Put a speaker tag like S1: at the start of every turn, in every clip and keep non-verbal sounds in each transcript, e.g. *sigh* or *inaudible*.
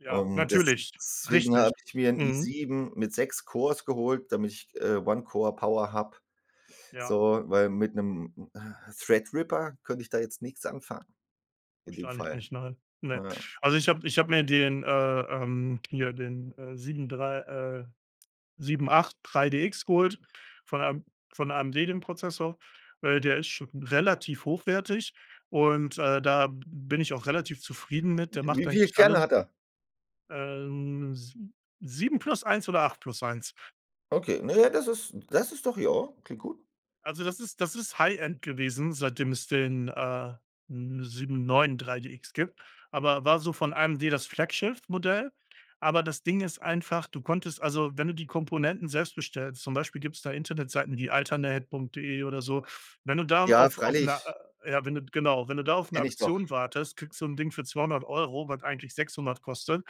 S1: Ja,
S2: Und
S1: natürlich.
S2: deswegen
S1: Richtig.
S2: habe ich mir 'n
S1: Mhm.
S2: i7 mit 6 Cores geholt, damit ich, äh, One-Core-Power habe,
S1: Ja.
S2: so, weil mit 'nem, äh, Threadripper könnte ich da jetzt nix anfangen in dem
S1: Wahrscheinlich
S2: Fall.
S1: nicht, nein. Ne.
S2: Na ja.
S1: Also, ich habe ich habe mir den, äh, ähm hier den, äh, 7 3, äh, 783DX geholt von AM von AMD den Prozessor, weil der ist schon relativ hochwertig und, äh, da b bin ich auch relativ zufrieden mit. Der
S2: Hm,
S1: macht
S2: wie viele
S1: eigentlich
S2: Kerne
S1: alles.
S2: hat er?
S1: Ähm, si 7 plus 1 oder 8 plus 1.
S2: Okay, na ja, das ist das ist doch ja, klingt gut.
S1: Also, das ist das ist High-End gewesen, seitdem es den, äh, n 793DX gibt, aber war so von AMD das Flaggschiff-Modell. Aber das Ding ist einfach, du konntest also, wenn du die Komponenten selbst bestellst, zum Beispiel gibt's da Internetseiten wie alternate.de oder so. Wenn du da
S2: Ja,
S1: auf auf 'ner,
S2: freilich.
S1: äh ja, wenn du genau, wenn du da auf 'ne
S2: Kenne ich doch.
S1: Aktion wartest, kriegst du so 'n Ding für 200 €, was eigentlich 600 kostet,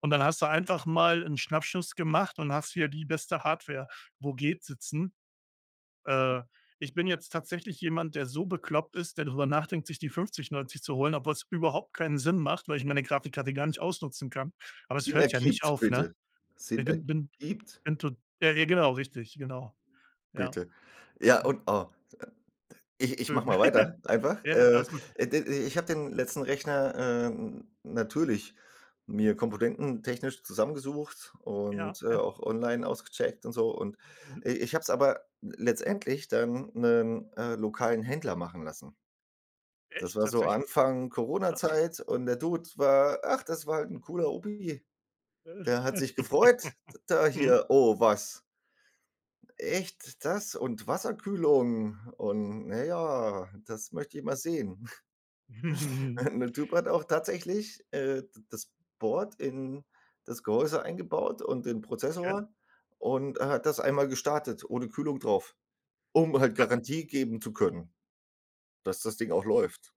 S1: und dann hast du einfach mal 'n Schnappschuss gemacht und hast hier die beste Hardware, wo geht, sitzen. Äh, ich bin jetzt tatsächlich jemand, der so bekloppt ist, der drüber nachdenkt, sich die 5090 zu holen, obwohl's überhaupt keinen Sinn macht, weil ich meine Grafikkarte gar nicht ausnutzen kann, aber es
S2: Sinn
S1: hört ja nicht
S2: ergibt,
S1: auf, ne?
S2: bitte.
S1: I
S2: Sinn
S1: bin bin
S2: ergibt?
S1: bin to ja, ja, genau, richtig, genau. Ja.
S2: Bitte. Ja,
S1: *unintelligible*
S2: und, oh, ich ich mache
S1: Entschuldigung.
S2: mal
S1: *chuckles*
S2: weiter einfach.
S1: Ja, ja,
S2: Äh,
S1: alles gut.
S2: äh, d i ich habe den letzten Rechner, ähm, natürlich mir komponententechnisch zusammengesucht
S1: Ja,
S2: und, äh,
S1: ja.
S2: auch online ausgecheckt und so und,
S1: Mhm.
S2: äh, ich habe es aber letztendlich dann 'nen, äh, lokalen Händler machen lassen. Das
S1: Echt?
S2: war so
S1: Tatsächlich?
S2: Anfang
S1: Krass.
S2: Corona-Zeit und der Dude war ach, das war 'n cooler Opi, der hat sich gefreut d
S1: *chuckles*
S2: da
S1: Mhm.
S2: hier: „Oh, was?“ „Echt, das und Wasserkühlung und na ja, das möchte ich mal sehen.“ *snorts*
S1: *chuckles*
S2: *chuckles* Der Typ hat auch tatsächlich, äh, d das Board in das Gehäuse eingebaut und den
S1: Okay.
S2: Prozessor und er hat das einmal gestartet ohne Kühlung drauf, um halt
S1: Was?
S2: Garantie geben zu können, dass das Ding auch läuft.